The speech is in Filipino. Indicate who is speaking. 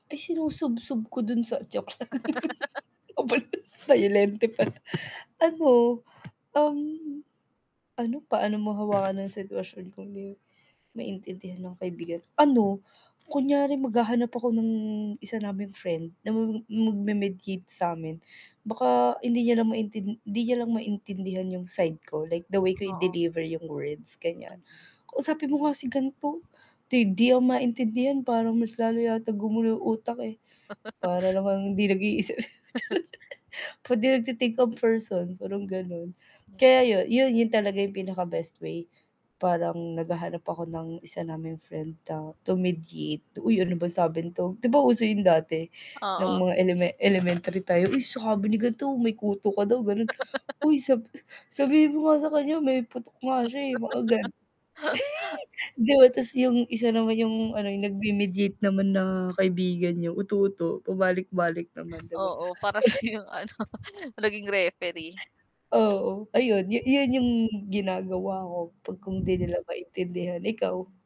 Speaker 1: Ay sinusubsub ko dun sa joke lang bayo bayolente pala ano, um, ano paano mo hawakan ang sitwasyon kung 'di maintindihan ng kaibigan ano kunyari maghahanap ako ng isa naming friend na ma m m mag-me-mediate samin. Baka hindi niya lang maintin hindi niya lang maintindihan 'yong side ko like the way ko
Speaker 2: Oo,
Speaker 1: i-deliver 'yong words, ganyan.
Speaker 2: mm.
Speaker 1: "Kausapin mo nga si ganto 'di 'di ako maintindihan parang mas lalo yata gumulo utak eh, para namang hindi nag-iisip," charot. Parang 'di nagti-think ang person, parang gano'n. Kaya
Speaker 2: Mm.
Speaker 1: yu yu yun talaga yung pinaka best way. Parang naghahanap ako ng isa naming friend ta to mediate, "Uy, ano bang sabi nito?" 'Di ba, uso yung dati nung
Speaker 2: Oo.
Speaker 1: mga eleme elementary tayo, "Uy, sabi ni ganto may kuto ka daw," ganun, "Uy sab sabihin mo nga sa kanya may putok nga siya, eh," mga gano 'di ba, tas yung isa naman yung ano yung nag-me-mediate naman na kaibigan niyo uto-uto pabalik-balik naman, 'di ba? [unintelligible]
Speaker 2: Oo, para siya yung ano naging referee.
Speaker 1: Oo, ayun, yu yun yung ginagawa ko 'pag kung 'di nila maintindihan, ikaw?